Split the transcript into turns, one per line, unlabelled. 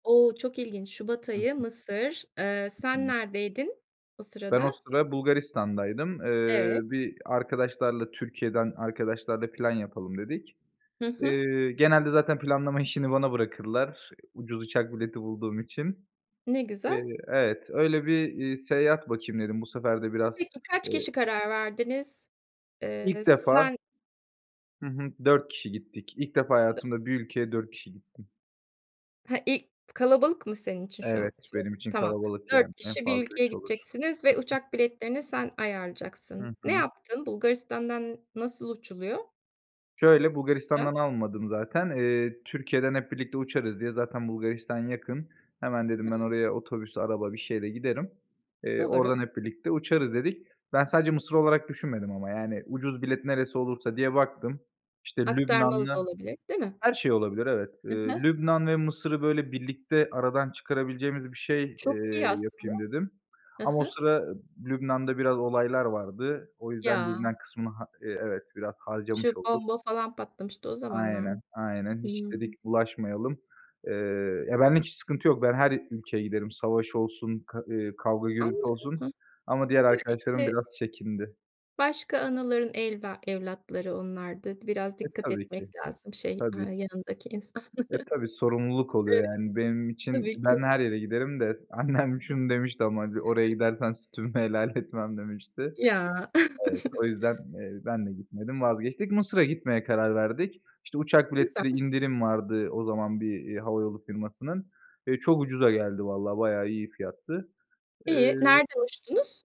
O! Çok ilginç. Şubat
Hı
ayı,
hı.
Mısır. Eee,
Hı
sen
hı.
neredeydin o
Ben o
sırada?
sıra Bulgaristan'daydım.
Evet.
Eee, bir arkadaşlarla, Türkiye'den arkadaşlarla plan yapalım dedik.
Hı hı.
Eee, genelde zaten planlama işini bana bırakırlar, ucuz uçak bileti bulduğum için.
Ne güzel.
Eee Evet, öyle bir, iii, seyahat bakayım dedim. Bu sefer de biraz,
Peki kaç
eee
kişi karar verdiniz? Eee,
İlk defa.
sen
Hı hı. 4 kişi gittik. İlk defa
Dı
hayatımda bir ülkeye 4 kişi gittim.
He i kalabalık mı senin için şu an?
Evet, benim
[unintelligible]
için
Tamam.
kalabalık
4
yani. En
kişi bir
fazla
ülkeye
3 olur.
gideceksiniz ve
Hı hı.
uçak biletlerini sen
Hı
ayarlayacaksın. Ne
hı.
yaptın? Bulgaristan'dan nasıl uçuluyor?
Şöyle:
Mısır'a.
Bulgaristan'dan almadım zaten. Eee, Türkiye'den hep birlikte uçarız diye Zaten Bulgaristan yakın. Hemen
Hıı.
dedim ben oraya otobüs, araba, bir şeyle giderim. Eee,
Doğru.
oradan hep birlikte uçarız dedik. Ben sadece Mısır olarak düşünmedim ama, yani, ucuz bilet neresi olursa diye baktım. İşte,
Aktarmalı da
Lübnan'la
olabilir, değil mi?
Her şey olabilir, evet. Eee,
Hı hı.
Lübnan ve Mısır'ı, böyle, birlikte aradan çıkarabileceğimiz bir şey,
Çok
eee,
iyi aslında.
yapayım dedim.
Hı
Ama o
hı.
sıra Lübnan'da biraz olaylar vardı. O yüzden
Ya!
Lübnan kısmını ha İii, evet, biraz
Şu
harcamış olduk.
bomba falan patlamıştı. o zamanlar mı?
Aynen, aynen. "Hiç"
Hıı.
dedik, "bulaşmayalım." Eee, ya benlik hiç sıkıntı yok. Ben her ülkeye giderim. Savaş olsun, k ııı, kavga gürültü
Anlıyorum.
olsun.
Ha
Ama diğer
Da
arkadaşlarım
işte
biraz çekindi.
Başka anaların elva evlatları onlar da. Biraz
E,
dikkat
tabii ki,
etmek lazım şey, aaa,
tabii ki.
yanındaki insanlara.
E, tabii, sorumluluk oluyor yani. Benim için
Tabii ki.
ben her yere giderim de annem şunu demişti
[unintelligible]
ama, hani, "Oraya gidersen sütümü helal etmem." demişti.
Ya!
Evet, o yüzden, eee, ben de gitmedim, vazgeçtik. Mısır'a gitmeye karar verdik. İşte, uçak
Güzel.
biletleri indirim vardı o zaman bir, eee, hava yolu firmasının. Eee, çok ucuza geldi valla, bayağı iyi fiyattı.
İyi,
Eee
nereden uçtunuz?